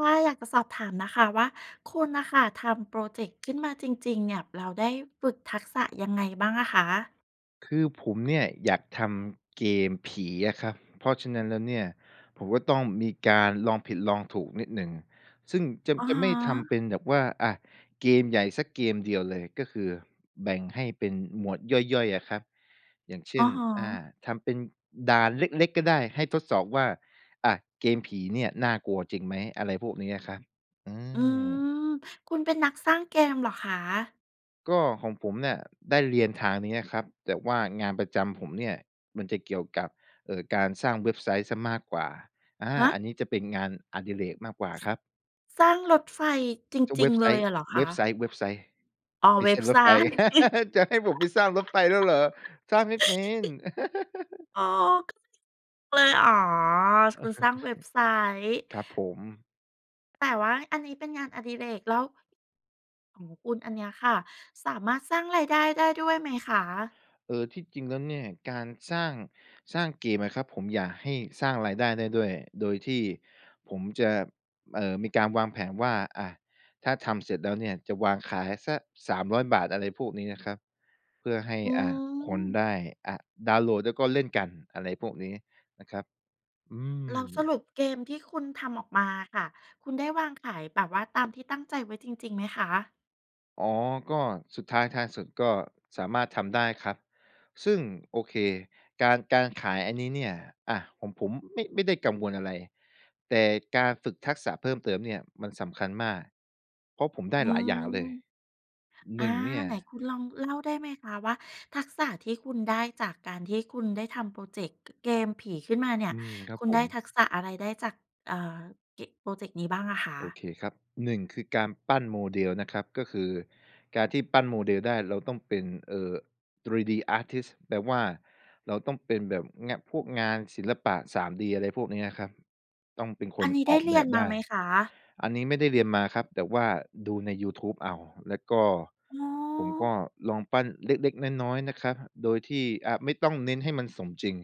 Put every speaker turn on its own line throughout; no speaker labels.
ว่าอยากจะสอบถามน่ะค่ะว่า คุณน่ะค่ะทำพรอเจกต์ขึ้นมาจริง ๆ เนี่ย แล้วได้ฝึกทักษะยังไงบ้างอะคะ?
คือผมเนี่ยอยากทำเกมผีอะครับ เพราะฉะนั้นแล้วเนี่ย ผมก็ต้องมีการลองผิดลองถูกนิดหนึ่ง ซึ่งจะ
อะ
จะไม่
ฮ
ทำ
ะ
เป็นแบบว่า อะ เกมใหญ่สักเกมเดียวเลย ก็คือแบ่งให้เป็นหมวดย่อย ๆ อะครับ อย่างเช
อ
่
ะ
น
ฮ
อ่า
ะ
ทำเป็นด่านเล็ก ๆ ก็ได้ ให้ทดสอบว่า อะ เกมผีเนี่ยน่ากลัวจริงไหม? อะไรพวกนี้อะครับ อื
อื
ม
ม คุณเป็นนักสร้างเกมเหรอคะ?
ก็ของผมเนี่ยได้เรียนทางนี้อ่ะครับ แต่ว่างานประจำผมเนี่ยมันจะเกี่ยวกับ เอ่อ การสร้างเว็บไซต์เสียมากกว่า อา
ฮ
อั
ะ!
นนี้จะเป็นงานอดิเรกมากกว่า
ส
ครับ
สร้างรถไฟจ
จะเ
ริ
ว
ง
็บ
ๆ
ไซ
เล
ต
ย
์
เหรอค
เว็
ะ?
บไซต์ เว็บไซต์
อ๋อ
ไม่
เว
ใ
็
ช่
บ
ร
ไซ
ถไฟ
ต์
จะให้ผมไปสร้างรถไฟแล้วเหรอ? สร้างไม่เป็น
ออ [unintelligible] เลย อ๋อ คุณสร้างเว็บไซต์
ครับผม
แต่ว่าอันนี้เป็นงานอดิเรก แล้ว ของคุณอันเนี้ยค่ะ สามารถสร้างรายได้ได้ด้วยไหมคะ?
เออ ที่จริงแล้วเนี่ย การสร้าง สร้างเกมอะครับ ผมอยากให้สร้างรายได้ได้ด้วย โดยที่ผมจะ เอ่อ มีการวางแผนว่า อะ ถ้าทำเสร็จแล้วเนี่ยจะวางขายสัก ฿300 อะไรพวกนี้นะครับ เพื่อให้
อื
อ่า คนไ
ม
ด้ อ่า ดาวน์โหลด แล้วก็เล่นกัน อะไรพวกนี้นะครับ อื
แล้วส
ม
รุปเกมที่คุณทำออกมาค่ะ คุณได้วางขายแบบว่าตามที่ตั้งใจไว้จริง ๆ ไหมคะ?
อ๋อ ก็สุดท้ายท้ายสุด ก็สามารถทำได้ครับ ซึ่ง โอเค การ การขายอันนี้เนี่ย อะ ของผมไม่ ไม่ได้กังวลอะไร แต่การฝึกทักษะเพิ่มเติมเนี่ยมันสำคัญมาก เพราะผมได้
อื
หลายอย
ม
่างเลย ห
อ
น
า
ึ่ง เนี่ย
ไหนคุณลองเล่าได้ไหมคะว่า ทักษะที่คุณได้จากการที่คุณได้ทำพรอเจกต์ ก เกมผีขึ้นมาเนี่ย
อืม ครั
ค
บ
ุณ
ผ
ได้
ม
ทักษะอะไร ได้จาก เอ่อ เก พรอเจกต์นี้บ้างอะค
โอ
ะ?
เคครับ 1 คือการปั้น model นะครับ ก็คือการที่ปั้น model ได้ เราต้องเป็น เอ่อ 3D อาร์ตทิสต์ แปลว่าเราต้องเป็นแบบเงี้ย พวกงานศิลปะ 3D อะไรพวกเนี้ยครับ ต้องเป็นค
อั
น
นนี้ไ
อ
ด้
อก
เร
แบ
ียน
บ
ม
ได
า
้
ไหมคะ?
อันนี้ไม่ได้เรียนมาครับ แต่ว่าดูในยูทูบเอา แล้วก็
อ๋
ผมก็
อ
ลองปั้นเล็ก ๆ น้อย ๆ นะคะ โดยที่ อ่า ไม่ต้องเน้นให้มันสมจริง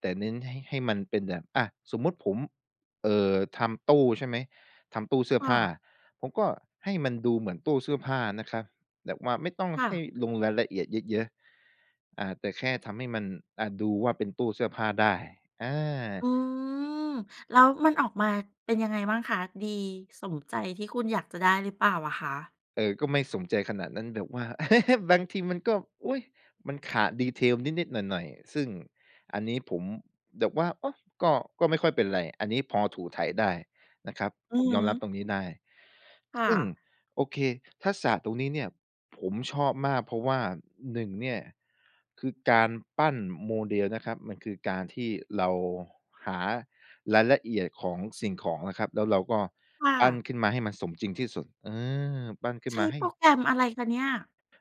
แต่เน้นให้ ให้มันเป็นแบบ อะ สมมุติผม เอ่อ ทำตู้ ใช่ไหม ทำตู้เสื้อ
ค่
ผ้า
ะ
ผมก็ให้มันดูเหมือนตู้เสื้อผ้านะคะ แบบว่าไม่ต้อง
ค่
ให
ะ
้ลงรายละเอียดเยอะ ๆ อ่า แต่แค่ทำให้มัน อะ ดูว่าเป็นตู้เสื้อผ้าได้ อา
อืม แล้วมันออกมาเป็นยังไงบ้างคะ? ดีสมใจที่คุณอยากจะได้หรือเปล่าอะคะ?
เออ ก็ไม่สมใจขนาดนั้น แบบว่า บางทีมันก็ อุ๊ย! มันขาด detail นิด ๆ หน่อย ๆ ซึ่งอันนี้ผมแบบว่า โอ้! ก็ ก็ไม่ค่อยเป็นไร อันนี้พอถูไถได้นะครับ
อื
ผ
อ
ม
ฮ
ยอมรับ
ึ
ตรงนี้ได้
ค่
ซึ่ง
ะ
โอเค ทักษะตรงนี้เนี่ยผมชอบมาก เพราะว่า 1 เนี่ย คือการปั้น model นะครับ มันคือการที่เราหารายละเอียดของสิ่งของอะครับ แล้วเราก็
ค่
ปั้น
ะ
ขึ้นมาให้มันสมจริงที่สุด เออ ปั้นขึ้
ใช
นม
้
าให
โป
้
รแกรมอะไรคะเนี่ย?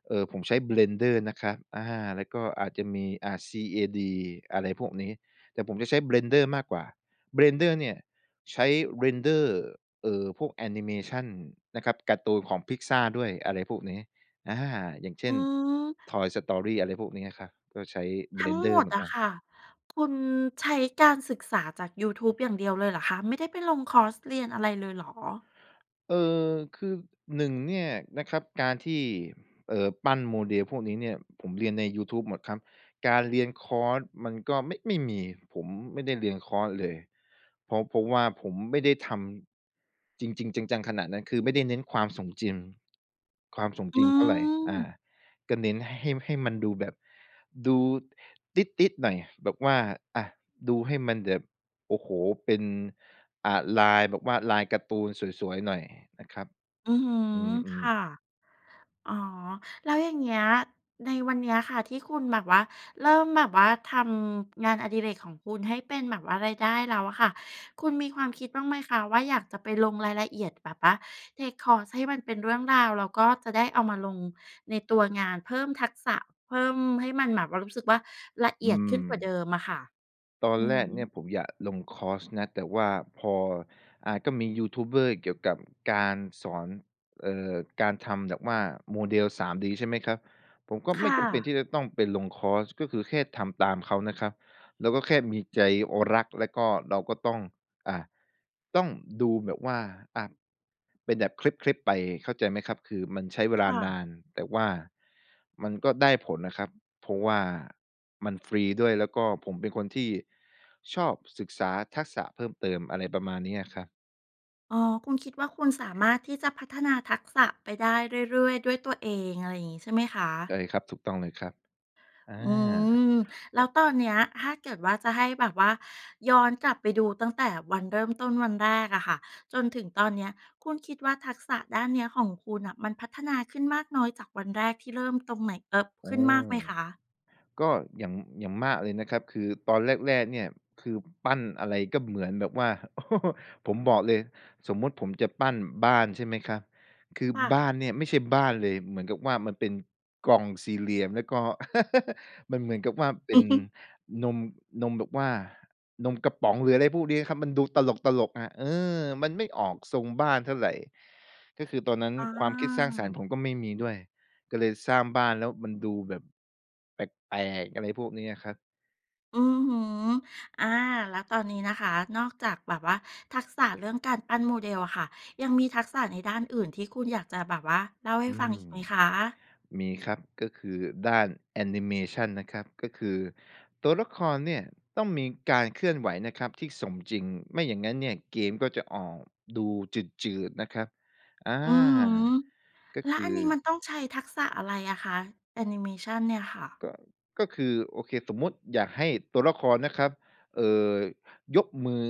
เอ่อ ผมใช้ Blender นะครับ อา แล้วก็อาจจะมี อ่า CAD อะไรพวกนี้ แต่ผมจะใช้ Blender มากกว่า Blender เนี่ยใช้ Render เอ่อ พวกแอนิเมชันนะครับ การ์ตูนของ Pixar ด้วยอะไรพวกนี้ อา อย่างเช
อื
่น
ม
Toy Story อะไรพวกนี้นะคะ ก็ใช้
ทั้งหม
Blender เ
ด
หมือ
อ
นก
ะ
ัน
ค่ะ คุณใช้การศึกษาจากยูทูบอย่างเดียวเลยเหรอคะ? ไม่ได้ไปลงคอร์สเรียนอะไรเลยเหรอ?
เออ คือ 1 เนี่ยนะครับ การที่ เอ่อ ปั้น model พวกนี้เนี่ย ผมเรียนในยูทูบหมดครับ การเรียนคอร์สมันก็ไม่ ไม่มี ผมไม่ได้เรียนคอร์สเลย เพราะ เพราะว่าผมไม่ได้ทำจริง ๆ จัง ๆ ขนาดนั้น คือไม่ได้เน้นความสมจริง ความสม
อ
จ
ื
ริงเท่าไร อา
ม
ก็เน้นให้ ให้มันดูแบบ ดูติสต์ ๆ หน่อย แบบว่า อะ ดูให้มันแบบ โอ้โฮ! เป็น อ่า ลายแบบว่า ลายการ์ตูนสวย ๆ หน่อยนะครับ
อือฮึ
อื
ค
ม
่
ๆ
ะ อ๋อ แล้วอย่างเงี้ยในวันเนี้ยค่ะ ที่คุณแบบว่า เริ่มแบบว่า ทำงานอดิเรกของคุณให้เป็นแบบว่ารายได้แล้วอะค่ะ คุณมีความคิดบ้างไหมคะว่า อยากจะไปลงรายละเอียดแบบว่า เทกคอร์ส ให้มันเป็นเรื่องราว แล้วก็จะได้เอามาลงในตัวงาน เพิ่มทักษะ เพิ่มให้มันแบบว่ารู้สึกว่าละเ
อ
อ
ื
ียดขึ้นกว่าเด
ม
ิมอะค่ะ?
ตอน
อื
แร
อ
ก
ฮ
เนี
ึ
่ยผมอยากลงคอร์สนะ แต่ว่าพอ อ่า ก็มียูทูบเบอร์เกี่ยวกับการสอน เอ่อ การทำแบบว่า model 3D ใช่ไหมครับ ผมก็
ค
ไม
่
่จำเป็น
ะ
ที่จะต้องไปลงคอร์ส ก็คือแค่ทำตามเขานะครับ เราก็แค่มีใจ รัก แล้วก็เราก็ต้อง อ่า ต้องดูแบบว่า อ่า เป็นแบบคลิป ๆ ไปเข้าใจไหมครับ? คือมันใช้เว
ค
ลา
่
น
ะ
าน แต่ว่ามันก็ได้ผลนะครับ เพราะว่ามันฟรีด้วย แล้วก็ผมเป็นคนที่ชอบศึกษาทักษะเพิ่มเติม อะไรประมาณเนี้ยอะครับ
อ๋อ คุณคิดว่า คุณสามารถที่จะพัฒนาทักษะไปได้เรื่อย ๆ ด้วยตัวเอง อะไรอย่างงี้ ใช่ไหมค
ใช
ะ?
่ครับ ถูกต้องเลยครับ อา
อืม แล้วตอนเนี้ยถ้าเกิดว่าจะให้แบบว่า ย้อนกลับไปดูตั้งแต่วันเริ่มต้นวันแรกอะค่ะ จนถึงตอนเนี้ย คุณคิดว่า ทักษะด้านเนี้ยของคุณน่ะมันพัฒนาขึ้นมากน้อยจากวันแรกที่เริ่มตรงไหน เอ่อ
อื
ขึ้นมาก
ม
ไหมคะ?
ก็อย่าง อย่างมากเลยนะครับ คือตอนแรก ๆ เนี่ย คือปั้นอะไรก็เหมือนแบบว่า ผมบอกเลย สมมุติผมจะปั้นบ้าน ใช่ไหมครับ คือ
ค่
บ
ะ
้านเนี่ย ไม่ใช่บ้านเลย เหมือนกับว่ามันเป็นกล่อง 4 เหลี่ยม แล้วก็ มันเหมือนกับว่าเป็นนม นมแบบว่า นมกระป๋อง หรืออะไรพวกนี้ครับ มันดูตลก ๆ อะ เออ มันไม่ออกทรงบ้านเท่าไร ก็คือตอนนั้น
อ
ความคิดสร้างสรรค์
า
ผมก็ไม่มีด้วย ก็เลยสร้างบ้านแล้วมันดูแบบแปลก ๆ อะไรพวกเนี้ยครับ
อือฮึ อา แล้วตอนนี้นะคะ นอกจากแบบว่าทักษะเรื่องการปั้น model อะค่ะ ยังมีทักษะในด้านอื่นที่คุณอยากจะแบบว่าเล่าให
อ
้
ื
ฟัง
ม
อีกไหมคะ?
มีครับ ก็คือด้านแอนิเมชันนะครับ ก็คือตัวละครเนี่ยต้องมีการเคลื่อนไหวนะครับที่สมจริง ไม่อย่างงั้นเนี่ยเกมก็จะออกดูจืด ๆ นะครับ อา
อือฮึ
ก็
แล้
ค
ว
ือ
อันนี้มันต้องใช้ทักษะอะไรอะคะ? แอนิเมชันเนี่ยค่ะ
ก็ ก็คือโอเค สมมุติอยากให้ตัวละครนะครับ เอ่อ ยกมือ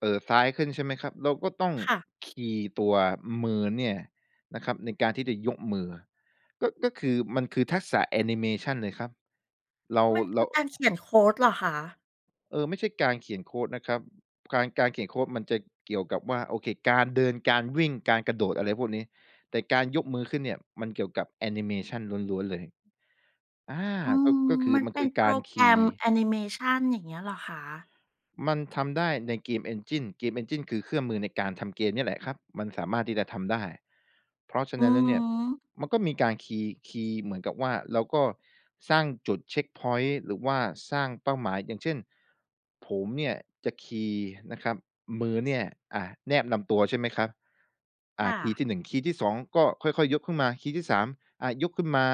เอ่อ ซ้ายขึ้น ใช่ไหมครับ เราก็ต้อง
ค่ะ
คีย์ตัวมือเนี่ยนะครับ ในการที่จะยกมือ ก็ ก็คือมันคือทักษะแอนิเมชันเลยครับ เรา
มันค
เร
ื
า
อการเขียนโคดเหรอคะ?
เออ ไม่ใช่การเขียนโคดนะครับ การ การเขียนโคดมันจะเกี่ยวกับว่า โอเค การเดิน การวิ่ง การกระโดด อะไรพวกนี้ แต่การยกมือขึ้นเนี่ยมันเกี่ยวกับแอนิเมชันล้วน ๆ เลย อา
อื
ก็
อ
ก็คือ
มัน
มัน
เป
ค
็
ื
น
อ
โป
ก
ร
ารค
แก
ี
ร
ย
ม
์
แอนิเมชัน อย่างเงี้ยเหรอคะ?
มันทำได้ใน game engine game engine คือเครื่องมือในการทำเกมเนี่ยแหละครับ มันสามารถที่จะทำได้ เพราะฉะ
อื
นั้นแล้
อ
ว
ฮ
เนี่ย
ึ
มันก็มีการคีย์ คีย์เหมือนกับว่า เราก็สร้างจุด เช็กพ็อยนต์ หรือว่าสร้างเป้าหมาย อย่างเช่น ผมเนี่ยจะคีย์นะครับ มือเนี่ย อ่า แนบลำตัว ใช่ไหมครับ
ค
อะ
่
คีย
ะ
์ที่ 1 คีย์ที่ 2 ก็ค่อย ๆ ยกขึ้นมา คีย์ที่ 3 อ่า ยกขึ้นมา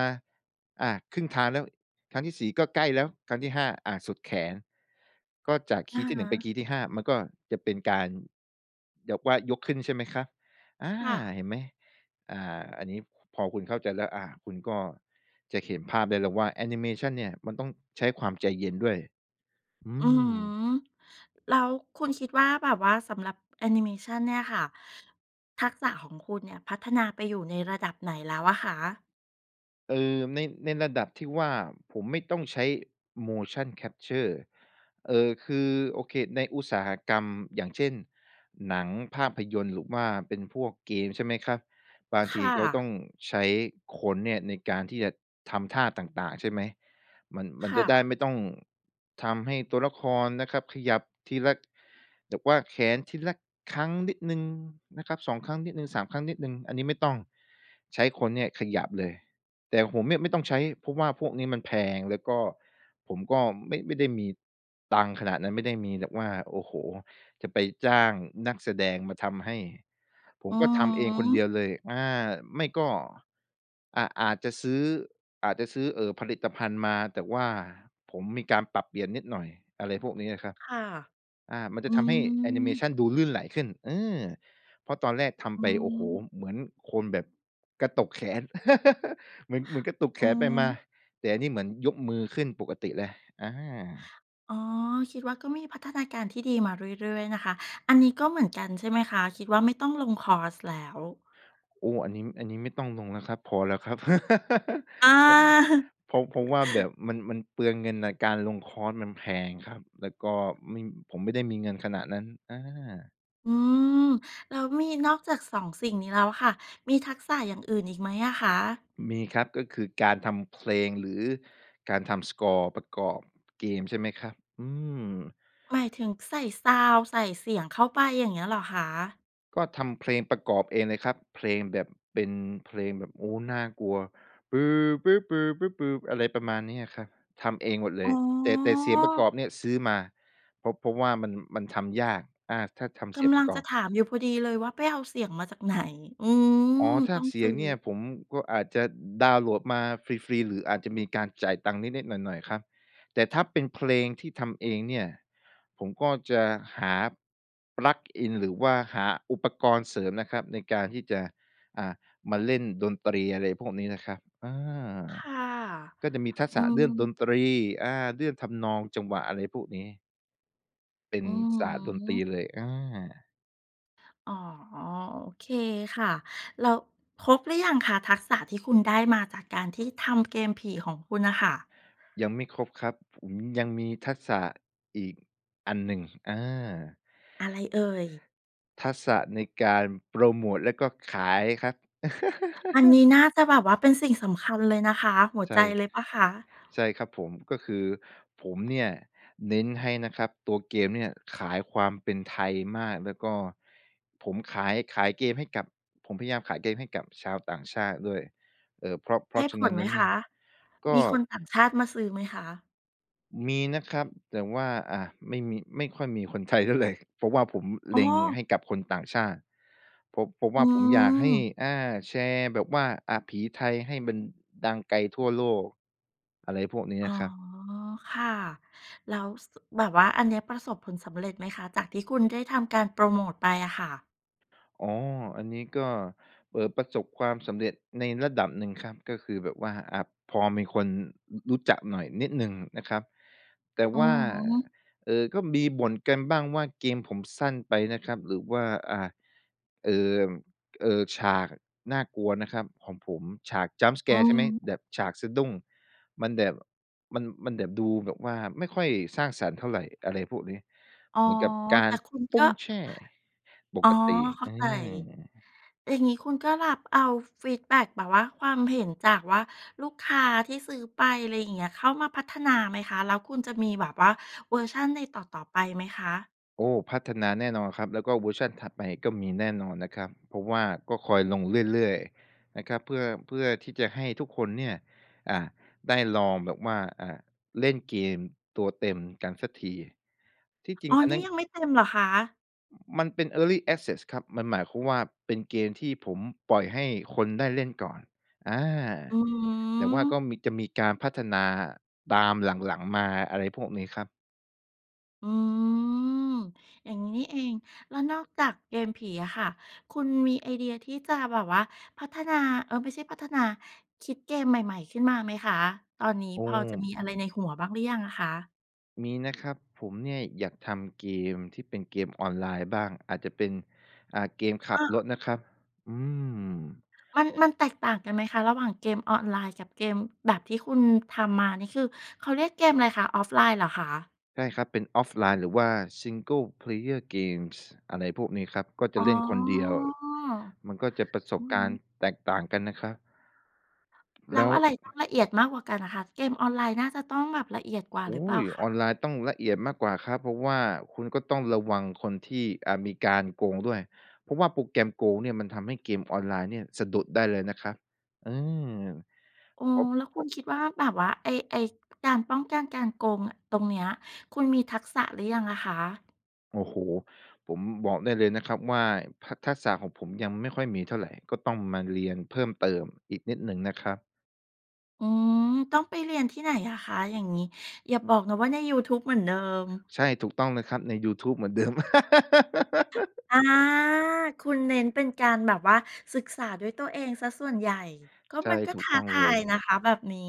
อ่า ครึ่งทางแล้ว ครั้งที่ 4 ก็ใกล้แล้ว ครั้งที่ 5 อ่า สุดแขน ก็จากค
อ
ี
ะ
ย์ที่ หน
ฮ
ึ่งไปค
ะ
ีย์ที่ 5 มันก็จะเป็นการแบบว่ายกขึ้น ใช่ไหมคะ อา
ค่ะ
เห็นไหม? อ่า อันนี้พอคุณเข้าใจแล้ว อ่า คุณก็จะเขียนภาพได้เลยว่าแอนิเมชันเนี่ยมันต้องใช้ความใจเย็นด้วย อื
อือฮึ
ม
แล้วคุณคิดว่า แบบว่าสำหรับแอนิเมชันเนี่ยค่ะ ทักษะของคุณเนี่ยพัฒนาไปอยู่ในระดับไหนแล้วอะคะ?
เออ ใน ในระดับที่ว่าผมไม่ต้องใช้ motion capture เอ่อ คือ โอเค ในอุตสาหกรรม อย่างเช่น หนัง ภาพยนตร์ หรือว่าเป็นพวกเกม ใช่ไหมครับ บาง
ค
ที
่
เขาต
ะ
้องใช้คนเนี่ยในการที่จะทำท่าต่าง ๆ ใช่ไหม มัน มั
ค
นจ
่
ะได้
ะ
ไม่ต้องทำให้ตัวละครนะครับขยับทีละ แบบว่าแขนทีละครั้งนิดหนึ่งนะครับ 2 ครั้งนิดหนึ่ง 3 ครั้งนิดหนึ่ง อันนี้ไม่ต้อง ใช้คนเนี่ยขยับเลย แต่ผมเนี่ยไม่ต้องใช้ เพราะว่าพวกนี้มันแพง แล้วก็ผมก็ไม่ ไม่ได้มีตังค์ขนาดนั้น ไม่ได้มีแบบว่า โอ้โฮ จะไปจ้างนักแสดงมาทำให้ ผม
อือ
ก็ทำเอ
ฮ
งคนเด
ึ
ียวเลย อา ไม่ก็ อะ อาจจะซื้อ อาจจะซื้อ เอ่อ ผลิตภัณฑ์มา แต่ว่าผมมีการปรับเปลี่ยนนิดหน่อย อะไรพวกนี้เนี่ยครับ
ค่ะ
อา มันจ
อ
ะ
ื
ทำให้แอนิเมช
ม
ันดูลื่นไหลขึ้น เออ เพราะตอนแรกท
อ
ำ
ื
ไป โอ้โฮ
ม
เหมือนคนแบบกระตุกแขน เหมือน เหมือนกระตุกแ
อื
ข
อ
นไป
ฮ
มา
ึ
แต่อันนี้เหมือนยกมือขึ้นปกติเลย อา
อ๋อ คิดว่าก็มีพัฒนาการที่ดีมาเรื่อย ๆ นะคะ อันนี้ก็เหมือนกันใช่ไหมคะ? คิดว่าไม่ต้องลงคอร์สแล้ว
โอ้ อันนี้ อันนี้ไม่ต้องลงแล้วครับ พอแล้วครับ
อ
เพราะ
า
เพราะ เพราะว่าแบบมัน มัน มันเปลืองเงินน่ะ การลงคอร์สมันแพงครับ แล้วก็ไม่ ผมไม่ได้มีเงินขนาดนั้น อา
อืม แล้วมีนอกจาก 2 สิ่งนี้แล้วค่ะ มีทักษะอย่างอื่นอีกไหมอะคะ?
มีครับ ก็คือการทำเพลง หรือการทำสกอร์ประกอบเกม ใช่ไหมครับ อืม
หมายถึงใส่ซาวนด์ ใส่เสียงเข้าไป อย่างเงี้ยเหรอคะ?
ก็ทำเพลงประกอบเองเลยครับ เพลงแบบเป็นเพลงแบบ โอ้ น่ากลัว ปือ ปื้อ ปือ ปื้อ ปือ อะไรประมาณนี้อะครับ ทำเองหมดเล
อ๋
ย แต่ แต่เสียงประก
อ
อบเนี่ยซื้อมา เพราะ เพราะว่ามัน มันทำยาก อา ถ้าทำ
ก
เสียง
ำ
ป
ลั
ร
ง
ะก
จ
อ
ะ
บ
ถามอยู่พอดีเลยว่า ไปเอาเสียงมาจากไหน? อื
อ๋อ
ม
ถ้
ต
า
้อง
เส
ซ
ีย
ื้
ง
อ
เนี่ยผมก็อาจจะดาวน์โหลดมาฟรี ๆ หรืออาจจะมีการจ่ายตังค์นิด ๆ หน่อย ๆ ครับ แต่ถ้าเป็นเพลงที่ทำเองเนี่ย ผมก็จะหา plug in หรือว่าหาอุปกรณ์เสริมนะครับในการที่จะ อ่า มาเล่นดนตรีอะไรพวกนี้นะครับ อา
ค่ะ
ก็จะมีทัก
อ
ษ
ื
ะเรื่อง
ม
ดนตรี อ่า เรื่องทำนอง จังหวะ อะไรพวกนี้ เป็น
อือ
ศาสตร์ดน
ฮ
ตรี
ึ
เลย อา
อ๋อ โอเคค่ะ แล้วครบหรือยังคะ ทักษะที่คุณได้มาจากการที่ทำเกมผีของคุณน่ะค่ะ?
ยังไม่ครบครับ ผมยังมีทักษะอีกอันหนึ่ง อา
อะไรเอ่ย?
ทักษะในการโพรโมตแล้วก็ขายครับ
อันนี้น่าจะแบบว่าเป็นสิ่งสำคัญเลยนะคะ หัว
ใช
ใจ
่
เลยเปล่าคะ?
ใช่ครับผม ก็คือผมเนี่ย เน้นให้นะครับตัวเกมเนี่ย ขายความเป็นไทยมาก แล้วก็ผมขาย ขายเกมให้กับ ผมพยายามขายเกมให้กับชาวต่างชาติด้วย เอ่อ เพราะ เพ
ได
รา
้
ะฉ
ผ
ะนั
ล
้น
ไ
แ
ห
ล
ม
้วเ
ค
นี่ย
ะ?
ก
ม
็
ีคนต่างชาติมาซื้อไหมคะ?
มีนะครับ แต่ว่า อ่า ไม่มี ไม่ค่อยมีคน ไทยเท่าไร เพราะว่าผม
โ
เ
อ
ล็ง
้!
ให้กับคนต่างชาติ ผม ผมว
อ
่า ผมอยากให้
ืม
อา แชร์แบบว่า อะ ผีไทยให้มันดังไกลทั่วโลก อะไรพวกนี้
อ
น
๋อ
ะครับ
ค่ะ แล้ว ส แบบว่าอันเนี้ย ประสบผลสำเร็จไหมคะ? จากที่คุณได้ทำการโพรโมตไปอะค่ะ
อ๋อ อันนี้ก็ เอ่อ ประสบความสำเร็จในระดับหนึ่งครับ ก็คือแบบว่า อ่า พอมีคน อ รู้จักหน่อยนิดหนึ่งนะครับ แต่
อื
ว่า
อฮึ
เอ่อ ก็มีบ่นกันบ้างว่าเกมผมสั้นไปนะครับ หรือว่า อ่า เอ่อ เอ่อ ฉากน่ากลัวนะครับของผม ฉาก jump
อื
scare ใช่ไหม
ม
แบบฉากสะดุ้ง มันแบบ มัน มันแบบดูแบบว่าไม่ค่อยสร้างสรรค์เท่าไร อะไรพวกนี้
อ๋อ
เหมือนกับกา
แต
ร
่คุณ
ป
ก
ุ๊
็
งแช่ป
อ๋อ
กติ
เข้า
อื
ใจ
ม
อย่างนี้คุณก็รับเอาฟีดแบ็กแบบว่า ความเห็นจากว่าลูกค้าที่ซื้อไป อะไรอย่างเงี้ย เข้ามาพัฒนาไหมคะ? แล้วคุณจะมีแบบว่าเวอร์ชันในต่อ ๆ ไปไหมคะ?
โอ้! พัฒนาแน่นอนครับ แล้วก็เวอร์ชันถัดไปก็มีแน่นอนนะครับ เพราะว่าก็คอยลงเรื่อย ๆ นะครับ เพื่อ เพื่อที่จะให้ทุกคนเนี่ย อ่า ได้ลองแบบว่า อ่า เล่นเกมตัวเต็มกันสักที ที่จร
อ
ิง
๋อ
อัน
นี
น
่
ั้น
ยังไม่เต็มเหรอคะ?
มันเป็น early access ครับ มันหมายความว่า เป็นเกมที่ผมปล่อยให้คนได้เล่นก่อน อา
อือฮึ
แต่ว่าก็มี จะมีการพัฒนาตามหลัง ๆ มา อะไรพวกนี้ครับ
อืม อย่างงี้นี่เอง แล้วนอกจากเกมผีอะค่ะ คุณมีไอเดียที่จะแบบว่าพัฒนา เออ ไม่ใช่พัฒนา คิดเกมใหม่ ๆ ขึ้นมาไหมคะ ตอนนี้
อื
พอจะม
ม
ีอะไรในหัวบ้างหรือยังอะคะ?
มีนะครับ ผมเนี่ยอยากทำเกมที่เป็นเกมออนไลน์บ้าง อาจจะเป็น อ่า เกมขั
อ
บ
้
ร
อ
ถนะครับ อืม
มัน มันแตกต่างกันไหมคะ ระหว่างเกมออนไลน์กับเกมแบบที่คุณทำมา นี่คือเขาเรียกเกมอะไรคะ Offline เหรอคะ?
ใช่ครับ เป็น offline หรือว่า single-player games อะไรพวกนี้ครับ ก็จ
อ
ะ
๋อ
เล่นคนเดียว มันก็จะประส
อื
บ
อ
ก
ฮ
ารณ์
ึ
แตกต่างกันนะครับ
แล
แล
้ว
้ว
อะไรต้องละเอียดมากกว่ากันอะคะ เกมออนไลน์น่าจะต้องแบบละเอียดกว่า
อุ
ห
๊
รือเปล่า
ย!
ค
ออ
ะ?
นไลน์ต้องละเอียดมากกว่าครับ เพราะว่าคุณก็ต้องระวังคนที่ อ่า มีการโกงด้วย เพราะว่าโปรแกรมโกงเนี่ยมันทำให้เกมออนไลน์เนี่ยสะดุดได้เลยนะครับ อืม
อ๋อ
เพราะ
แล้ว
เพ
ค
ร
ุ
า
ณ
ะ
คิดว่าแบบว่า ไอ้ ไอ้การป้องกันการโกงอะ ตรงเนี้ย คุณมีทักษะหรือยังอะคะ?
โอ้โฮ! ผมบอกได้เลยนะครับว่า ทัก ทักษะของผมยังไม่ค่อยมีเท่าไร ก็ต้องมาเรียนเพิ่มเติมอีกนิดหนึ่งนะครับ
อืม ต้องไปเรียนที่ไหนอะคะ อย่างงี้ อย่าบอกนะว่าในยูทูบเหมือนเดิม?
ใช่ ถูกต้องนะครับในยูทูบเหมือนเดิม
อ้อ คุณเน้นเป็นการแบบว่าศึกษาด้วยตัวเองเสียส่วนใหญ่ ก็
ใช่
มันก็
ถู
ท
ก
้า
ต้อง
ท
เล
าย
ย
นะคะ แบบนี้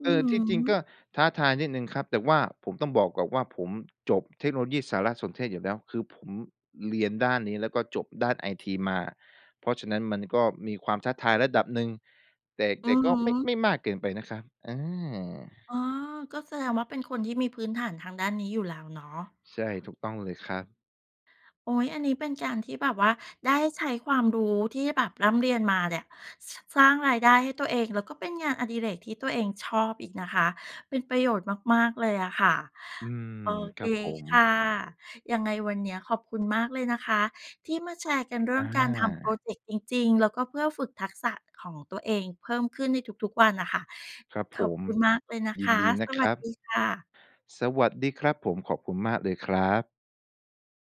อื
เ
้
อ
อ
อ
ฮ
ที่จริงก็
ือ
ท้าทายนิดหนึ่งครับ แต่ว่าผมต้องบอกก่อนว่า ผมจบเทคโนโลยีสารสนเทศอยู่แล้ว คือผมเรียนด้านนี้ แล้วก็จบด้านไอทีมา เพราะฉะนั้นมันก็มีความท้าทายระดับหนึ่ง แต่
อื
แต่
อ
ก
ฮ
็ไม่
ึ
ไม่มากเกินไปนะครับ อา
อ๋อ ก็แสดงว่าเป็นคนที่มีพื้นฐานทางด้านนี้อยู่แล้วเนาะ
ใช่ ถูกต้องเลยครับ
โอ้โฮ อันนี้เป็นการที่แบบว่าได้ใช้ความรู้ที่แบบร่ำเรียนมาเนี่ย ส สร้างรายได้ให้ตัวเอง แล้วก็เป็นงานอดิเรกที่ตัวเองชอบอีกนะคะ เป็นประโยชน์มาก ๆ เลยอะค่ะ
อืม
โอเ
ค
ค
รับผม
ค่ะ ยังไงวันเนี้ยขอบคุณมากเลยนะคะ ที่มาแชร์กันเรื่
อ
องการทำพรอ
า
เจกต์จริง ๆ แล้วก็เพื่อฝึกทักษะของตัวเองเพิ่มขึ้นในทุก ๆ วันน่ะค่ะ
ครับ
ข
ผ
อบ
ม
คุณมากเลยนะ
ย
ค
ิน
ะ
ดีน
ส
ะค
ว
ร
ัส
ั
ด
บ
ีค่ะ
สวัสดีครับผม ขอบคุณมากเลยครับ